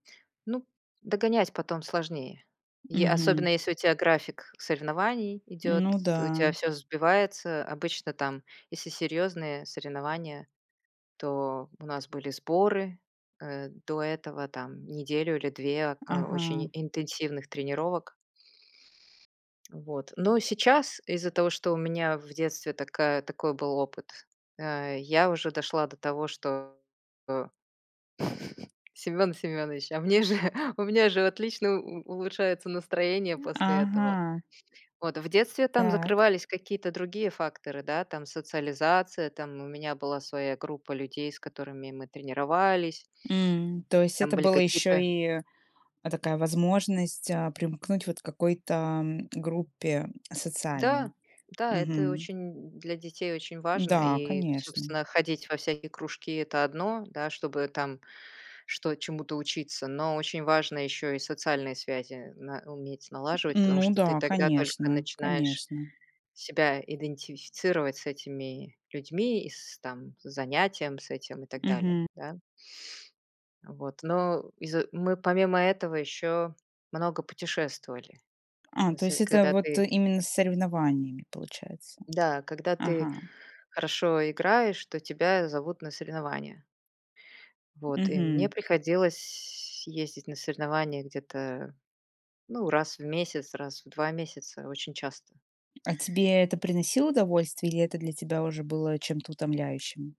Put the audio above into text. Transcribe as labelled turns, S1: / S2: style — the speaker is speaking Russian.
S1: Ну, догонять потом сложнее. Е особенно,
S2: Мгм.
S1: если у тя график соревнований идёт,
S2: Ну
S1: то у тя
S2: да.
S1: всё сбивается. Обычно там, если серьёзные соревнования, то у нас были сборы, э, до этого там неделю или 2, а, очень
S2: Ага.
S1: интенсивных тренировок. Вот, но сейчас, из-за того, что у меня в детстве такая такой был опыт, э, я уже дошла до того, что, о, Семён Семёнович, а мне же, у меня же отлично у улучшается настроение после этого.
S2: Ага.
S1: Вот. В детстве там
S2: Так.
S1: закрывались какие-то другие факторы, да, там социализация, там у меня была своя группа людей, с которыми мы тренировались.
S2: М, то есть
S1: Там
S2: это
S1: были
S2: была ещё
S1: какие-то
S2: и эдакая возможность, э, примкнуть вот к какой-то группе
S1: Да,
S2: социальной?
S1: да, это
S2: Мгм.
S1: очень для детей очень важно,
S2: Да,
S1: и,
S2: конечно.
S1: собственно, ходить во всякие кружки- это одно, да, чтобы там что чему-то учиться, но очень важно ещё и социальные связи на уметь налаживать, потому
S2: Ну
S1: что ты
S2: да,
S1: тогда только
S2: конечно,
S1: начинаешь
S2: конечно.
S1: себя идентифицировать с этими людьми, и с, там, с занятием с этим и так далее,
S2: Мгм.
S1: да? Вот. Но из-за мы помимо этого ещё много путешествовали.
S2: А, то
S1: Нас, э,
S2: есть это
S1: когда
S2: вот
S1: ты
S2: именно с соревнованиями получается?
S1: Да. Когда ты
S2: Ага.
S1: хорошо играешь, то тебя зовут на соревнования. Вот, и мне
S2: Мгм.
S1: приходилось ездить на соревнования где-то, ну, раз в месяц, раз в 2 месяца, очень часто.
S2: А тебе это приносило удовольствие или это для тебя уже было чем-то утомляющим?